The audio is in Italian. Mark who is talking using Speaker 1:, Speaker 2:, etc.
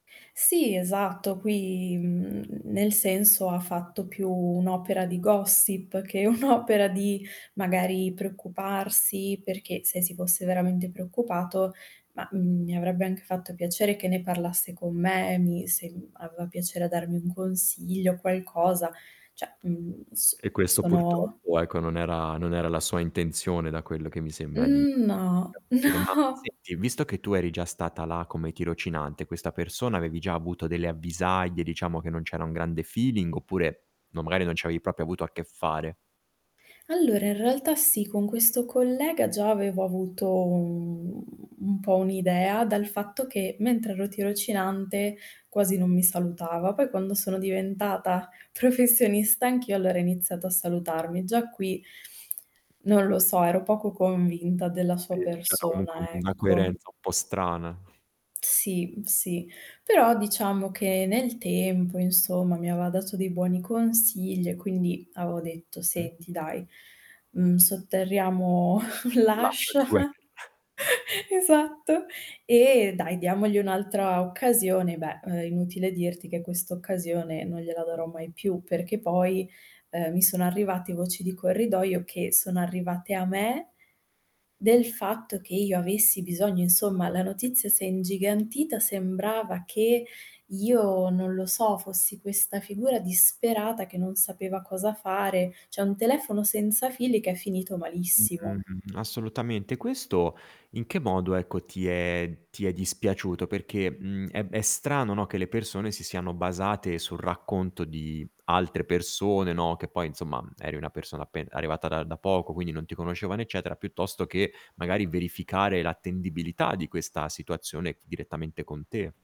Speaker 1: Sì, esatto, qui, mhmm, nel senso ha fatto più un'opera di gossip, che
Speaker 2: Mh.
Speaker 1: un'opera di magari preoccuparsi, perché se si fosse veramente preoccupato, ma, mhmm, mi avrebbe anche fatto piacere che ne parlasse con me e mi se mhmm, aveva piacere darmi un consiglio, qualcosa, cioè, mhmm, s
Speaker 2: E questo
Speaker 1: sono
Speaker 2: purtroppo ecco, non era non era la sua intenzione da quello che mi sembra di
Speaker 1: Mhmm, no,
Speaker 2: capire. Ma
Speaker 1: no.
Speaker 2: senti, visto che tu eri già stata là come tirocinante, questa persona avevi già avuto delle avvisaglie, diciamo, che non c'era un grande feeling, oppure, no, magari non ci avevi proprio avuto a che fare?
Speaker 1: Allora in realtà sì, con questo collega già avevo avuto un un po' un'idea dal fatto che, mentre ero tirocinante quasi non mi salutava, poi quando sono diventata professionista anch'io allora ha iniziato a salutarmi. Già qui, non lo so, ero poco convinta della sua
Speaker 2: Sì, c'era comunque
Speaker 1: persona,
Speaker 2: una
Speaker 1: ecco.
Speaker 2: coerenza un po' strana.
Speaker 1: Sì sì, però diciamo che nel tempo, insomma mi aveva dato dei buoni consigli e quindi avevo detto:
Speaker 2: Mh.
Speaker 1: "Senti dai, mhmm, sotterriamo
Speaker 2: L'ascia
Speaker 1: l'ascia".
Speaker 2: di guerra.
Speaker 1: Esatto. E dai, diamogli un'altra occasione, beh, ehm, inutile dirti che questa occasione non gliela darò mai più, perché poi, ehm, mi sono arrivati voci di corridoio, che sono arrivate a me, del fatto che io avessi bisogno insomma, la notizia si è ingigantita, sembrava che io, non lo so, fossi questa figura disperata, che non sapeva cosa fare, cioè un telefono senza fili che è finito malissimo.
Speaker 2: Mh, assolutamente. Questo in che modo, ecco, ti è ti è dispiaciuto? Perché, mhmm, è b è strano, no, che le persone si siano basate sul racconto di altre persone, no, che poi insomma, mhmm, eri una persona appen arrivata da da poco, quindi non ti conoscevano eccetera, piuttosto che magari verificare l'attendibilità di questa situazione f direttamente con te.